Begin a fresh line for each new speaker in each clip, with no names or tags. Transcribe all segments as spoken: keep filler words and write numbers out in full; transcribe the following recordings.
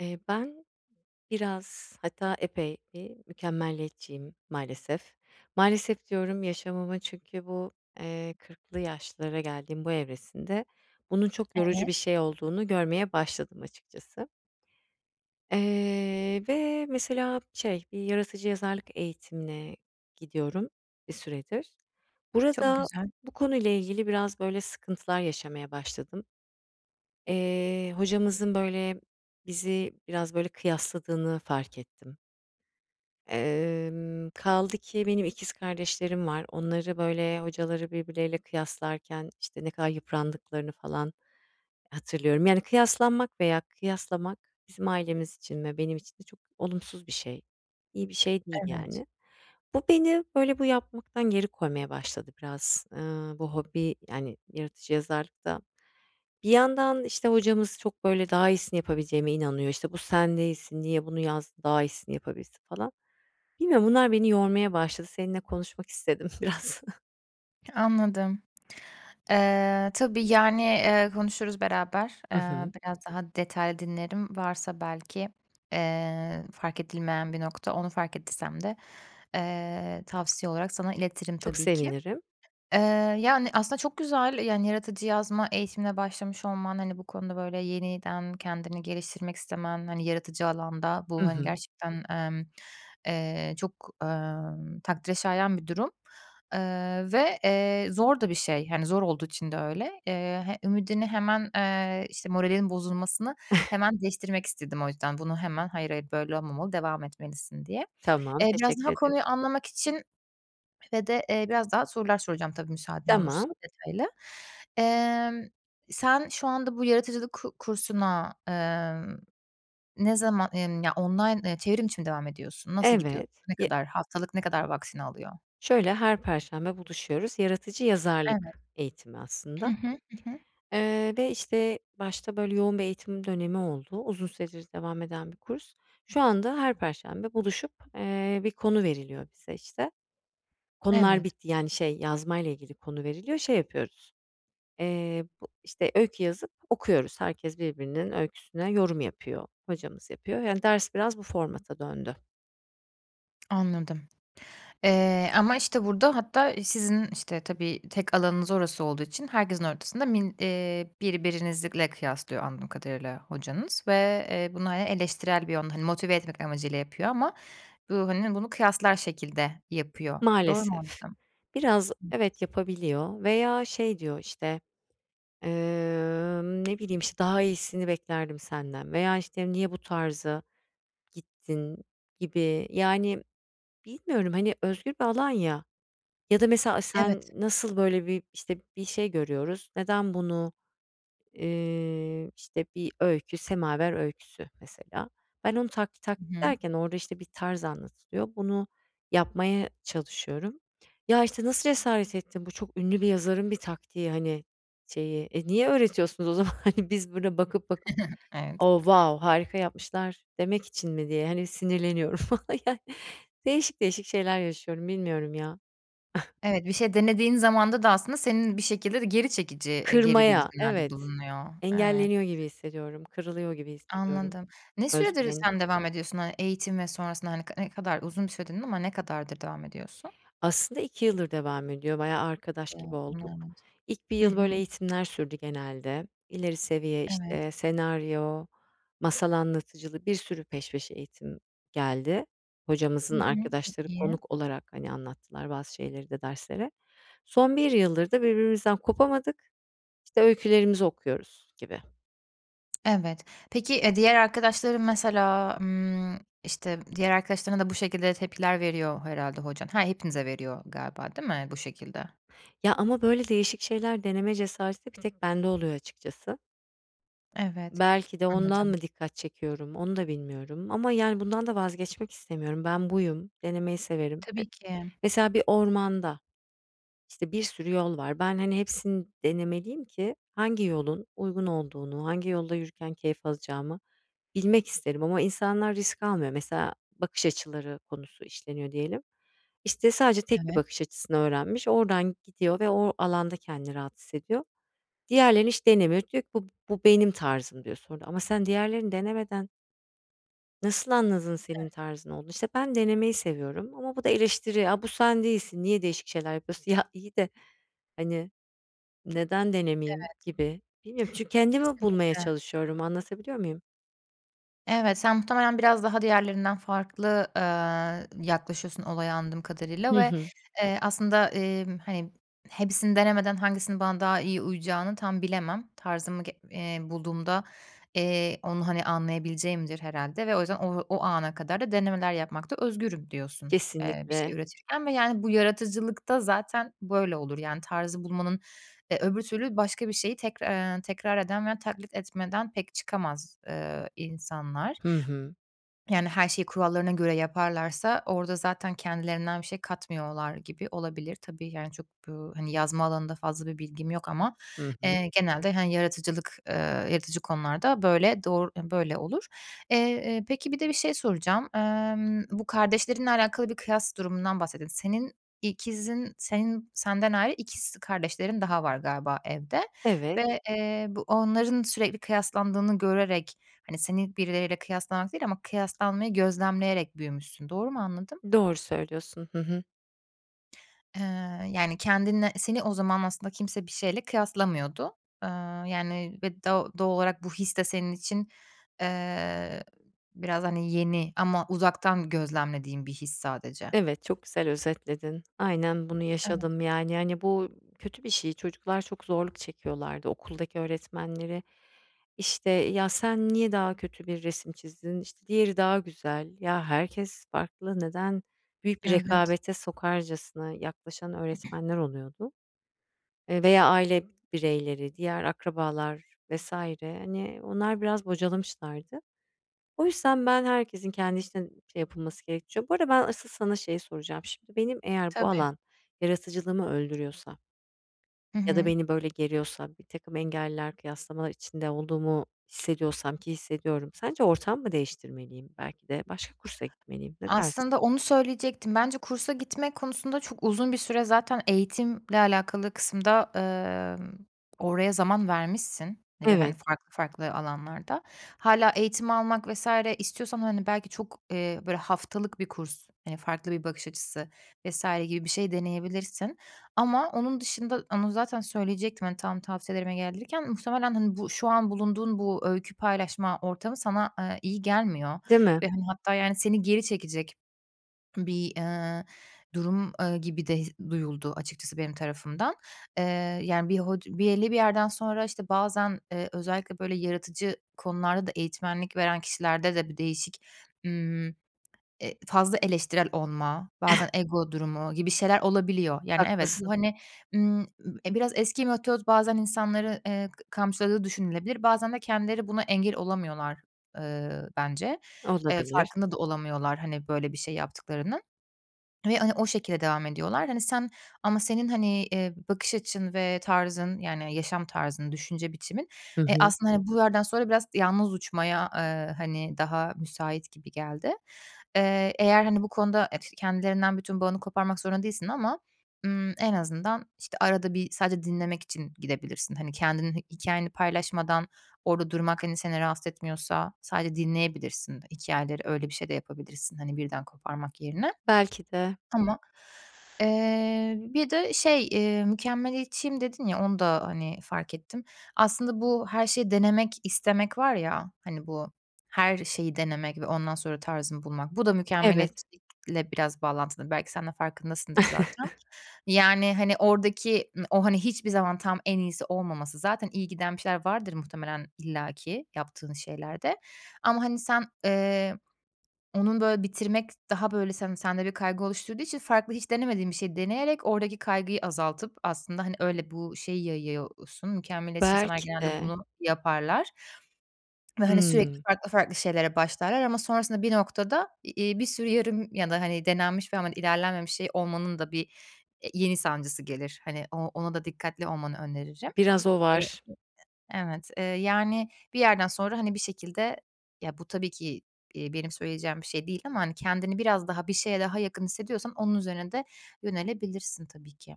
Eee, ben biraz hatta epey, eee, bir mükemmeliyetçiyim maalesef. Maalesef, diyorum yaşamıma çünkü bu, eee, kırklı yaşlara geldiğim bu evresinde bunun çok yorucu
Evet.
bir şey olduğunu görmeye başladım açıkçası. Eee, ve mesela şey bir yaratıcı yazarlık eğitimine gidiyorum bir süredir.
Çok
Burada
güzel.
bu konuyla ilgili biraz böyle sıkıntılar yaşamaya başladım. Eee, hocamızın böyle, bizi biraz, böyle, kıyasladığını fark ettim. Emm, kaldı ki benim ikiz kardeşlerim var. Onları böyle hocaları birbirleriyle kıyaslarken, işte, ne kadar yıprandıklarını falan hatırlıyorum. Yani, kıyaslanmak veya kıyaslamak bizim ailemiz için ve benim için de çok olumsuz bir şey. İyi bir şey değil
Evet.
yani. Bu beni böyle bu yapmaktan geri koymaya başladı biraz, ııı, bu hobi yani yaratıcı yazarlıkta. Bir yandan, işte, hocamız çok böyle daha iyisini yapabileceğime inanıyor. İşte, "Bu sen değilsin, niye bunu yaz daha iyisini yapabilirsin." falan. Bilmiyorum. Bunlar beni yormaya başladı. Seninle konuşmak istedim biraz.
Anladım. Eee, tabii, yani, eee, konuşuruz beraber.
Hı
Eee,
hı.
biraz daha detaylı dinlerim. Varsa belki, eee, fark edilmeyen bir nokta, onu fark ettiysem de, eee, tavsiye olarak sana iletirim
Çok
tabii ki.
sevinirim.
Eee, yani, aslında çok güzel yani yaratıcı yazma eğitimine başlamış olman, hani, bu konuda böyle yeniden kendini geliştirmek istemen, hani, yaratıcı alanda;
Hı
bu, hani,
hı.
gerçekten, emm, eee, çok, emm, takdire şayan bir durum. Eee, ve, eee, zor da bir şey, hani, zor olduğu için de öyle. Eee, h ümidini hemen eee, işte moralinin bozulmasını hemen değiştirmek istedim o yüzden. Bunu hemen, "Hayır, hayır, böyle olmamalı, devam etmelisin." diye.
Tamam,
Eee, biraz
teşekkür
daha
ederim.
konuyu anlamak için ve de, eee, biraz daha sorular soracağım tabii, müsaaden
Tamam.
olursun detaylı. Emm, sen şu anda bu yaratıcılık ku kursuna, eee, ne zaman yani, ya, online eee, çevrimiçi mi devam ediyorsun, nasıl gidiyor,
Evet.
ne
Y
kadar haftalık ne kadar vaktini alıyor?
Şöyle: Her perşembe buluşuyoruz. Yaratıcı
Evet.
yazarlık eğitimi
Hı
aslında.
hı, hı hı.
Eee, ve, işte, başta böyle yoğun bir eğitim dönemi oldu. Uzun süredir devam eden bir kurs. Şu anda her perşembe buluşup, eee, bir konu veriliyor bize işte. Konular
Evet.
bitti yani, şey, yazmayla ilgili konu veriliyor. Şey yapıyoruz, eee, bu işte, öykü yazıp okuyoruz. Herkes birbirinin öyküsüne yorum yapıyor. Hocamız yapıyor. Yani ders biraz bu formata döndü.
Anladım, eee, ama, işte, burada hatta sizin, işte, tabii tek alanınız orası olduğu için herkesin ortasında min eee, birbirinizle kıyaslıyor anladığım kadarıyla hocanız ve, eee, bunu, hani, eleştirel bir yön, hani, motive etmek amacıyla yapıyor ama bu, hani, bunu kıyaslar şekilde yapıyor. Doğru mu
Maalesef.
anladım?
Biraz evet, yapabiliyor veya şey diyor, işte, eee ne bileyim, işte, "Daha iyisini beklerdim senden." veya, işte, "Niye bu tarza gittin?" gibi, yani, bilmiyorum. Hani, özgür bir alan ya, ya da mesela sen
Evet.
nasıl, böyle, bir, işte, bir şey görüyoruz, neden bunu, iii, işte, bir öykü Semaver öyküsü mesela. Ben onu taklit tak
Hı hı.
ederken ben orada, işte, bir tarz anlatılıyor. Bunu yapmaya çalışıyorum. "Ya, işte nasıl cesaret ettin? Bu çok ünlü bir yazarın bir taktiği, hani, şeyi." E, niye öğretiyorsunuz o zaman, hani, biz burada bakıp bakıp
Evet.
"Oh, wow harika yapmışlar." demek için mi diye, hani, sinirleniyorum falan, yani, değişik değişik şeyler yaşıyorum. Bilmiyorum ya.
Evet, bir şey denediğin zamanda da aslında senin bir şekilde de geri çekici, e, geri
Kırmaya,
bildirimlerde
evet.
bulunuyor. Evet.
Engelleniyor gibi hissediyorum. Kırılıyor gibi hissediyorum,
Anladım. Ne süredir
özgüvenim.
sen devam ediyorsun, hani, eğitim ve sonrasında, hani, ne kadar uzun bir süredir dedin ama ne kadardır devam ediyorsun?
Aslında iki yıldır devam ediyor. Bayağı arkadaş gibi
[unintelligible]
olduk.
Evet.
İlk bir
Hı
yıl, böyle,
hı.
eğitimler sürdü genelde. İleri seviye, işte,
Evet.
senaryo, masal anlatıcılığı bir sürü peş peşe eğitim geldi.
Hı
Hocamızın
hı. Çok
arkadaşları
iyi.
konuk olarak, hani, anlattılar bazı şeyleri de dersleri. Son bir yıldır da birbirimizden kopamadık. İşte, öykülerimizi okuyoruz, gibi.
Evet, peki, eee, diğer arkadaşların mesela, ımm, işte, diğer arkadaşlarına da bu şekilde tepkiler veriyor herhâlde hocan. Ha, hepinize veriyor galiba, değil mi, bu şekilde?
Ya, ama böyle değişik şeyler deneme cesareti bir tek bende oluyor açıkçası.
Evet,
Belki de ondan
anladım.
mı dikkat çekiyorum? Onu da bilmiyorum ama yani bundan da vazgeçmek istemiyorum. Ben buyum, denemeyi severim. Eee,
Tabii ki.
mesela bir ormanda, işte, bir sürü yol var. Ben, hani, hepsini denemeliyim ki hangi yolun uygun olduğunu, hangi yolda yürürken keyif alacağımı bilmek isterim ama insanlar risk almıyor. Mesela bakış açıları konusu işleniyor diyelim. İşte, sadece tek bir
Evet.
bakış açısını öğrenmiş. Oradan gidiyor ve o alanda kendini rahat hissediyor. Diğerlerini hiç denemiyor. Diyor ki bu bu benim tarzım, diyor sonra ama sen diğerlerini denemeden nasıl anladın senin
Evet.
tarzın olduğunu? İşte ben denemeyi seviyorum ama bu da eleştiri, "A, bu sen değilsin. Niye değişik şeyler yapıyorsun?" Ya, iyi de, hani... "Neden
Evet.
denemeyeyim?" gibi... Bilmiyorum, çünkü kendimi bulmaya
Kesinlikle.
çalışıyorum anlatabiliyor muyum?
Evet, sen muhtemelen biraz daha diğerlerinden farklı, eee, yaklaşıyorsun olaya anladığım kadarıyla
Hı
ve,
hı.
eee, aslında, eee, hani, hepsini denemeden hangisinin bana daha iyi uyacağını tam bilemem. Tarzımı g eee, bulduğumda, eee, onu, hani, anlayabileceğimdir herhâlde ve o yüzden o o ana kadar da denemeler yapmakta özgürüm diyorsun, eee, bir şey
Kesinlikle.
üretirken ve yani bu yaratıcılıkta zaten böyle olur; yani tarzı bulmanın eee, öbür türlü başka bir şeyi tekrar, eee, tekrar eden veya taklit etmeden pek çıkamaz, eee, insanlar.
Hı hı.
Yani her şeyi kurallarına göre yaparlarsa orada zaten kendilerinden bir şey katmıyorlar gibi olabilir. Tabii, yani, çok, eee, hani, yazma alanında fazla bir bilgim yok ama,
Hı hı.
eee, genelde, hani, yaratıcılık, eee, yaratıcı konularda böyle, doğru, böyle, eee, olur. Eee, eee, peki bir de bir şey soracağım. Imm, bu kardeşlerinle alakalı bir kıyas durumundan bahsediyosun. Senin ikizin senin senden ayrı ikiz kardeşlerin daha var galiba evde
Evet.
ve, eee, bu onların sürekli kıyaslandığını görerek, hani, seni birileriyle kıyaslamak değil ama kıyaslanmayı gözlemleyerek büyümüşsün. Doğru mu anladım?
Doğru söylüyorsun. Hı hı.
Eee, yani, kendinle seni o zaman aslında kimse bir şeyle kıyaslamıyordu, eee, yani, ve do doğal olarak bu his de senin için, eee, biraz, hani, yeni ama uzaktan gözlemlediğim bir his sadece.
Evet, çok güzel özetledin. Aynen bunu
Evet.
yaşadım, yani, hani, bu kötü bir şey. Çocuklar çok zorluk çekiyorlardı okuldaki öğretmenleri, işte, "Ya, sen niye daha kötü bir resim çizdin? İşte, diğeri daha güzel." Ya, herkes farklı. Neden büyük bir
Evet.
rekabete sokarcasına yaklaşan öğretmenler oluyordu, eee, veya aile bireyleri, diğer akrabalar vs. hani, onlar biraz bocalamışlardı. O yüzden ben herkesin kendi için, şey, yapılması gerek ço Bu arada ben asıl sana şeyi soracağım. Şimdi benim eğer bu
Tabii.
alan yaratıcılığımı öldürüyorsa
Hı
ya da
hı.
beni, böyle, geriyorsa birtakım engeller, kıyaslamalar içinde olduğumu hissediyorsam ki hissediyorum, sence ortam mı değiştirmeliyim? Belki de başka kursa gitmeliyim. Ne dersin?
Aslında onu söyleyecektim. Bence kursa gitmek konusunda çok uzun bir süre zaten eğitimle alakalı kısımda, emm, oraya zaman vermişsin, e, ve, hani,
Evet.
farklı farklı alanlarda. Hâlâ eğitim almak vs. istiyorsan, hani, belki çok, eee, böyle, haftalık bir kurs, eee, farklı bir bakış açısı vs. gibi bir şey deneyebilirsin ama onun dışında Onu zaten söyleyecektim. Hani, tam tavsiyelerime gelirken muhtemelen, hani, bu şu an bulunduğun bu öykü paylaşma ortamı sana, eee, iyi gelmiyor
Değil mi?
ve, hani, hatta, yani, seni geri çekecek bir, eee, durum, eee, gibi de his duyuldu açıkçası benim tarafımdan. Eee, yani, bir hod belli bir yerden sonra, işte, bazen, eee, özellikle, böyle, yaratıcı konularda da eğitmenlik veren kişilerde de bir değişik, ımm, eee, fazla eleştirel olma, bazen ego durumu gibi şeyler olabiliyor. Yani, evet, bu,
Haklısın.
hani, ımm, ı e, biraz eski metot bazen insanları, eee, k kamçıladığı düşünülebilir. Bazen de kendileri buna engel olamıyorlar, eee, bence. Eee,
Olabilir.
farkında da olamıyorlar, hani, böyle, bir şey yaptıklarının ve, hani, o şekilde devam ediyorlar. Hani, sen ama senin, hani, eee, bakış açın ve tarzın, yani, yaşam tarzın, düşünce biçimin,
Hı
eee,
hı.
aslında, hani, bu yerden sonra biraz yalnız uçmaya, eee, hani, daha müsait gibi geldi. Eee, eğer, hani, bu konuda [unintelligible] kendilerinden bütün bağını koparmak zorunda değilsin ama, ımm, en azından, işte, arada bir sadece dinlemek için gidebilirsin. Hani, kendinin hikâyeni paylaşmadan orada durmak, hani, seni rahatsız etmiyorsa sadece dinleyebilirsin hikâyeleri, öyle bir şey de yapabilirsin. Hani, birden koparmak yerine
Belki de.
ama, eee, bir de şey, eee, "Mükemmeliyetçiyim." dedin ya, onu da, hani, fark ettim. Aslında bu her şeyi denemek, istemek var ya, hani, bu her şeyi denemek ve ondan sonra tarzını bulmak, bu da
Evet.
mükemmeliyetçilikle biraz bağlantılıdır. Belki sen de farkındasındır zaten, yani, hani, oradaki m o, hani, hiçbir zaman tam en iyisi olmaması zaten iyi giden bir şeyler vardır muhtemelen illa ki yaptığın şeylerde ama, hani, sen, eee, onun, böyle, bitirmek daha, böyle, sen sende bir kaygı oluşturduğu için farklı hiç denemediğin bir şeyi deneyerek oradaki kaygıyı azaltıp aslında, hani, öyle bu şeyi yayıyorsun. Mükemmeliyetçi insanlar
Belki
genelde
de.
bunu yaparlar ve hani, sürekli
Hımm.
farklı farklı şeylere başlarlar ama sonrasında bir noktada i iii, bir sürü yarım ya da, hani, denenmiş ve ama ilerlenmemiş şey olmanın da bir, eee, yeni sancısı gelir. Hani, o ona da dikkatli olmanı öneririm.
Biraz o
E e
var.
evet, eee, yani, bir yerden sonra, hani, bir şekilde ya, bu tabii ki, iii, benim söyleyeceğim bir şey değil ama, hani, kendini biraz daha bir şeye daha yakın hissediyorsan onun üzerine de yönelebilirsin tabii ki.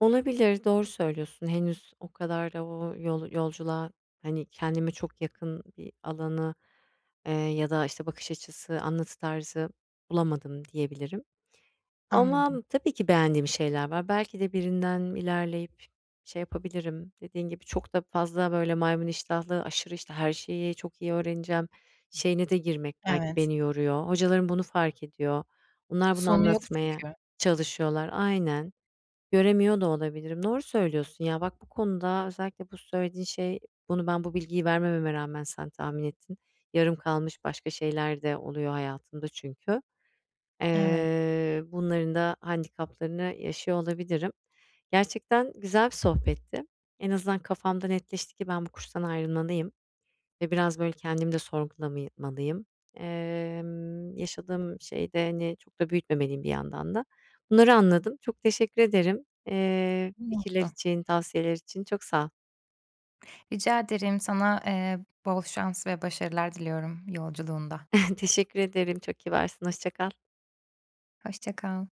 Olabilir. Doğru söylüyorsun. Henüz o kadar da o yol yolculuğa, hani, kendime çok yakın bir alanı, eee, ya da, işte, bakış açısı, anlatı tarzı bulamadım diyebilirim
Anladım.
ama tabii ki beğendiğim şeyler var. Belki de birinden ilerleyip şey yapabilirim. Dediğin gibi çok da fazla, böyle, maymun iştahlı aşırı, işte, her şeyi çok iyi öğreneceğim şeyine de girmek belki
Evet.
beni yoruyor. Hocalarım bunu fark ediyor. Onlar bunu
Sonu yok
anlatmaya
çünkü.
çalışıyorlar. Aynen. Göremiyor da olabilirim. Doğru söylüyorsun ya. Bak bu konuda özellikle bu söylediğin şey bunu ben bu bilgiyi vermememe rağmen sen tahmin ettin. Yarım kalmış başka şeyler de oluyor hayatımda çünkü.
Eve
Eee, bunların da handikaplarını yaşıyor olabilirim. Gerçekten güzel bir sohbetti. En azından kafamda netleşti ki ben bu kurstan ayrılmalıyım ve biraz, böyle, kendimi de sorgulamımalıyım. Emm, yaşadığım şeyde, hani, çok da büyütmemeliyim bir yandan da. Bunları anladım. Çok teşekkür ederim, eee, fikirler
[unintelligible]
için, tavsiyeler için. Çok sağ ol.
Rica ederim. Sana, eee, bol şans ve başarılar diliyorum yolculuğunda.
Teşekkür ederim, çok kibarsın. Hoşça kal.
Hoşça kal.